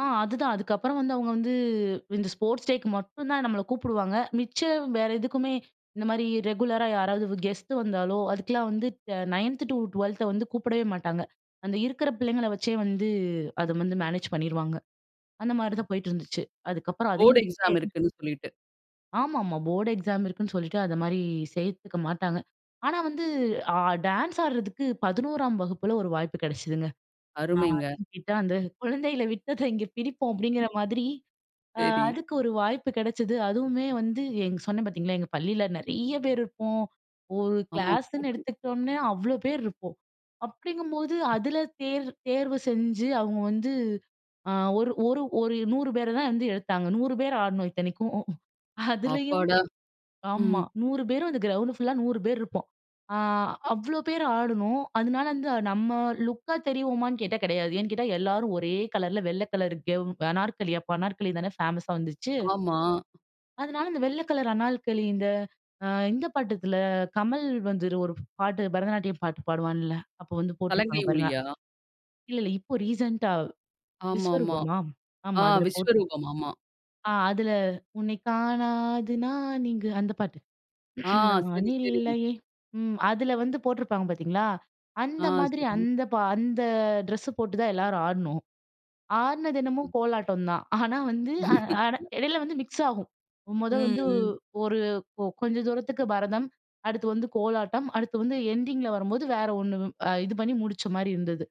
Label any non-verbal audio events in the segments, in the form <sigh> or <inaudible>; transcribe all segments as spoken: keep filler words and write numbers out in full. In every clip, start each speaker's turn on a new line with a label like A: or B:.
A: ஆ. அதுதான். அதுக்கப்புறம் வந்து அவங்க வந்து இந்த ஸ்போர்ட்ஸ் டேக்கு மட்டும் தான் நம்மள கூப்பிடுவாங்க. மிச்சம், வேற எதுக்குமே இந்த மாரி ரெகுலரா யாராவது வு கெஸ்ட் வந்தாலோ அதுக்கெல்லாம் வந்து அ நயன்த் டு டுவல்த்த வந்து கூப்பிடவே மாட்டாங்க. அந்த இருக்கிற பிள்ளைங்கள வச்சே வந்து அத வந்து மேனேஜ் பண்ணிருவாங்க. அந்த மாரி தான் போயிட்டு இருந்துச்சு. அதுக்கப்புறம் அதையும்
B: போர்ட் எக்ஸாம்
A: <unintelligible>
B: இருக்குன்னு சொல்லிட்டு.
A: ஆமாம்மா. போர்ட் எக்ஸாம் இருக்குன்னு சொல்லிட்டு, அந்த மாரி சேர்த்துக்க மாட்டாங்க. ஆனா வந்து ஆ டான்ஸ் ஆட்றதுக்கு பதினோராம் வகுப்பில ஒரு வாய்ப்பு கெடச்சதுங்க. நான்
B: அருமைங்க.
A: எங்கிட்ட, "அந்த குழந்தைல விட்டத, இங்க பிடிப்போம்." அப்படிங்கிற மாதிரி. அ
B: சரி.
A: அதுக்கு ஒரு வாய்ப்பு கெடச்சது. அதுவுமே வந்து எங் சொன்னேன். பார்த்தீங்களா! எங்க பள்ளியில நெறைய பேர் இருப்போம். ஒரு
B: ஆமா.
A: கிளாஸ்னு
B: கூட்டம்
A: எடுத்துக்கிட்டோம்னா, அவ்வளோ பேர் இருப்போம். அப்படிங்கும்போது, அதில தேர் தேர்வு செஞ்சு, அவங்க வந்து அ ஒரு ஒரு ஒரு நூறு பேர தான் வந்து எடுத்தாங்க. நூறு பேர் ஆடுனோம், இத்தனைக்கும். அதுலயும்
B: அப்பாடா! ம்,
A: ஆமா.
B: ம்.
A: நூறு பேரும் அந்த கிரவுண்ட் ஃபுல்லா நூறு பேர் இருப்போம். அ அவ்வளோ பேர் ஆடுனோம். அதனால வந்து, நாம்ம லுக்கா தெரிவோமான்னு கேட்டா, கெடையாது. ஏன்னு கேட்டா, எல்லாரும் ஒரே கலர்ல வெள்ள கலர்ல கெவ் அனார்கலி அப்ப அனார்கலி தானே ஃபேமஸ்ஸா வந்துச்சு.
B: ஆமா.
A: அதனால இந்த வெள்ள கலர் அணால்கலி இந்த அ இந்த பாட்டத்தில கமல் வந்து, ஒரு பாட்டு பரதநாட்டியம் பாட்டு பாடுவான்ல, அப்போ வந்து
B: சலங்கை
A: போட்டிருப்பாங்க, பாருங்க.
B: ஒலியா?
A: இல்லல்ல. இப்போ ரீசென்ட்டா
B: ஆமாம்மா.
A: விஸ்வரூபமா? ஆமா.
B: ஆ.
A: அதுல போட்
B: விஸ்வரூபம். ஆமா.
A: ஆ. அதில "உன்னை காணாது நான் இங்கு" அந்த பாட்டு
B: ஆ.
A: <clears throat> நான்
B: சரி, சரி.
A: இல்லையே. ம். அதில வந்து போட்டிருப்பாங்க, பார்த்தீங்களா!
B: ஆ.
A: அந்த மாதிரி
B: சரிங்க.
A: அந்த ப அந்த ட்ரெஸ்ஸு போட்டு தான் எல்லாரும் ஆடுனோம். ஆடுனதென்னமோ
B: ம்.
A: கோலாட்டம் தான். ஆனா வந்து அ ஆனா
B: <chuckles>
A: இடையில வந்து மிக்ஸ் ஆகும். மொத
B: ம்,
A: வந்து,
B: ம்.
A: ஒரு கொ கொஞ்ச தூரத்துக்கு பரதம், அடுத்து வந்து கோலாட்டம், அடுத்து வந்து என்டிங்கில வரும்போது வேற ஒண்ணு இது பண்ணி முடிச்ச மாரி இருந்தது.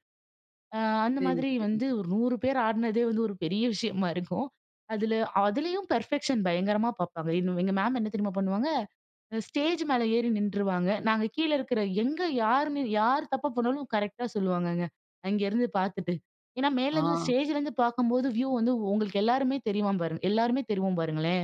A: அ அந்த
B: சரி,
A: மாதிரி
B: சரி.
A: வந்து, ஒரு நூறு பேர் ஆடுனதே வந்து ஒரு பெரிய விஷயமா இருக்கும். அதில அதிலேயும் பெர்ஃபெக்ஷன் பயங்கரமா பார்ப்பாங்க. எங்க எங்க மேம் என்ன தெரியுமா பண்ணுவாங்க? அ ஸ்டேஜ் மேல ஏறி நின்றுவாங்க. நாங்க கீழ இருக்கிற எங்க யார்ன்னு யார் தப்பு பண்ணாலும், கரெக்ட்டா சொல்லுவாங்கங்க, அங்கே இருந்து பார்த்துட்டு. ஏனா மேலேருந்து,
B: ஆ.
A: ஸ்டேஜ்லேருந்து பார்க்கும்போது வியூ வந்து உங்களுக்கு எல்லாருமே தெரிவம் பாருங் எல்லாருமே தெரிவோம் பாருங்களேன்.